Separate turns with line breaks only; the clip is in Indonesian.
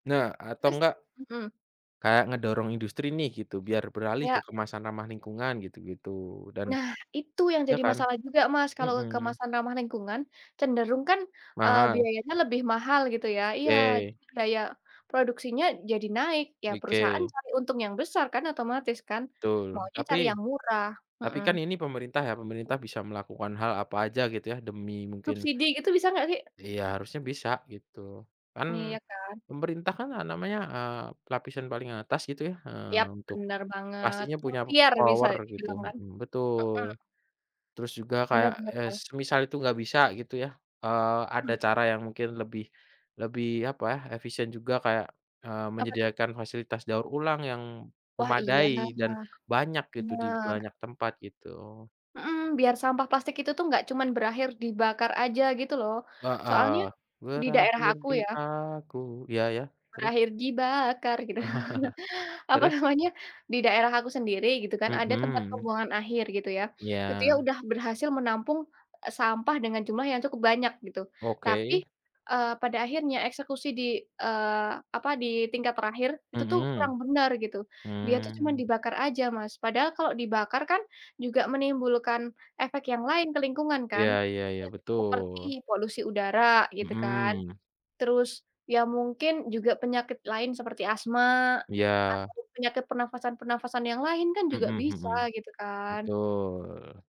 Nah atau
Terus
enggak
mhm.
kayak ngedorong industri nih gitu biar beralih ke
Yak.
kemasan ramah lingkungan gitu-gitu dan
Nah itu yang
ya
jadi
kan?
masalah juga, Mas, kalau
Mhm.
kemasan ramah lingkungan cenderung kan, eee,
Mahal.
biayanya lebih mahal gitu ya. Iya
Oke.
biaya produksinya jadi naik ya perusahaan
Mike.
cari untung yang besar kan otomatis kan
Betul,
maunya cari
tapi
yang murah,
tapi
heeh.
kan ini pemerintah ya pemerintah bisa melakukan hal apa aja gitu ya demi mungkin
Subsidi gitu bisa nggak sih?
iya harusnya bisa gitu, kan
Iya kan.
pemerintah kan namanya, eee, lapisan paling atas gitu ya,
Yap
eee, untuk
benar banget,
pastinya punya
ikhtiar bisa
power gitu,
dibilang kan.
mhm, betul.
Mhm.
Terus juga
Bener
kayak,
bener
eee,
ba
semisal itu nggak bisa gitu ya, eee, ada
Mmm.
cara yang mungkin lebih lebih apa ya, efisien juga kayak, eee,
Apa tuh?
menyediakan fasilitas daur ulang yang
Wah iya,
memadai dan banyak gitu di
bener.
banyak tempat gitu.
Mhm, biar sampah plastik itu tuh nggak cuman berakhir dibakar aja gitu loh,
Heeh,
soalnya di daerah
berakhir
aku
di
ya
aku, ya ya, terus?
Berakhir dibakar gitu, apa
Terus?
namanya, di daerah aku sendiri gitu kan ada tempat
Mhm.
pembuangan akhir gitu ya. Ketika
Ya.
udah berhasil menampung sampah dengan jumlah yang cukup banyak gitu tapi,
Oke.
eee, pada akhirnya eksekusi di eee, apa di tingkat terakhir itu tuh
Mhm,
kurang bener gitu, dia tuh cuma
mmm.
dibakar aja, Mas. Padahal kalau dibakar kan juga menimbulkan efek yang lain ke lingkungan kan,
Ya ya ya,
iya seperti
betul.
polusi udara gitu kan,
Mhm.
terus ya mungkin juga penyakit lain seperti asma
Iya.
atau penyakit pernafasan-pernafasan yang lain kan juga
Mhm
bisa
mhm,
gitu kan.
betul.